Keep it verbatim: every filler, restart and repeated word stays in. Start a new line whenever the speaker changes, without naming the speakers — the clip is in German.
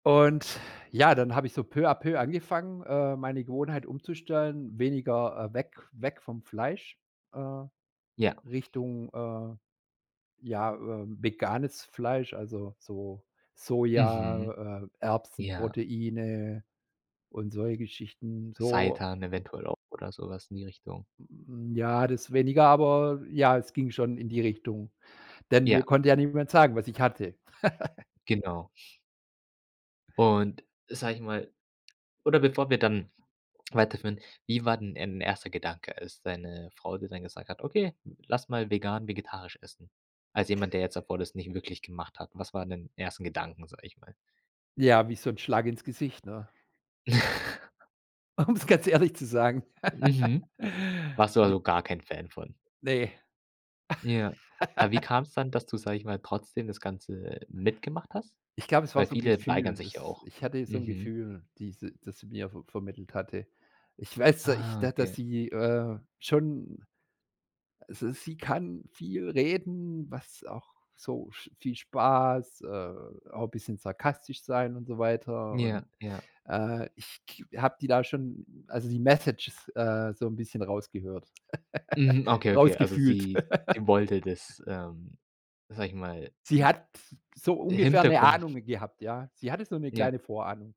Und ja, dann habe ich so peu à peu angefangen, äh, meine Gewohnheit umzustellen, weniger äh, weg weg vom Fleisch, äh,
Ja.
Richtung, äh, ja, ähm, veganes Fleisch, also so
Mhm.
Soja, äh,
Ja.
Erbsen-Proteine und solche Geschichten. So
Seitan eventuell auch oder so was in die Richtung.
Hm, ja, das weniger, aber ja, es ging schon in die Richtung, denn mir
Ja.
konnte ja niemand sagen, was ich hatte.
Genau. Und, sage ich mal oder bevor wir dann weiterführen, wie war denn dein erster Gedanke, als deine Frau dir dann gesagt hat: „Okay, lass mal vegan vegetarisch essen?“ Als jemand, der jetzt davor das nicht wirklich gemacht hat, was waren denn ersten Gedanken, sage ich mal?
Ja, wie so 'n Schlag ins Gesicht, ne? Um es ganz ehrlich zu sagen
Mhm. Warst du
ne?
also gar kein Fan von?
Ne.
Ja. Aber wie kam es dann, dass du, sage ich mal, trotzdem das Ganze mitgemacht hast?
Ich glaube, es war
Weil
so 'n
viele weigern
Gefühl,
sich ja
das
auch.
ich hatte so 'n
Mhm.
Gefühl, die sie das sie mir ver vermittelt hatte. Ich weiß zwar, ich
Ah,
da dass
okay.
sie, äh, schon also, sie kann viel reden, was auch so sch viel Spaß, äh, auch 'n bisschen sarkastisch sein und so weiter.
Ja,
Und,
ja.
äh, ich k habe die da schon also die Messages, äh, so 'n bisschen rausgehört
Mhm, okay, okay, also,
rausgefühlt.
sie sie wollte das, ähm, sage ich mal
Sie hat so ungefähr 'ne
Hintergrund.
Ahnung gehabt, ja. Sie hatte so 'ne
Ja.
kleine Vorahnung.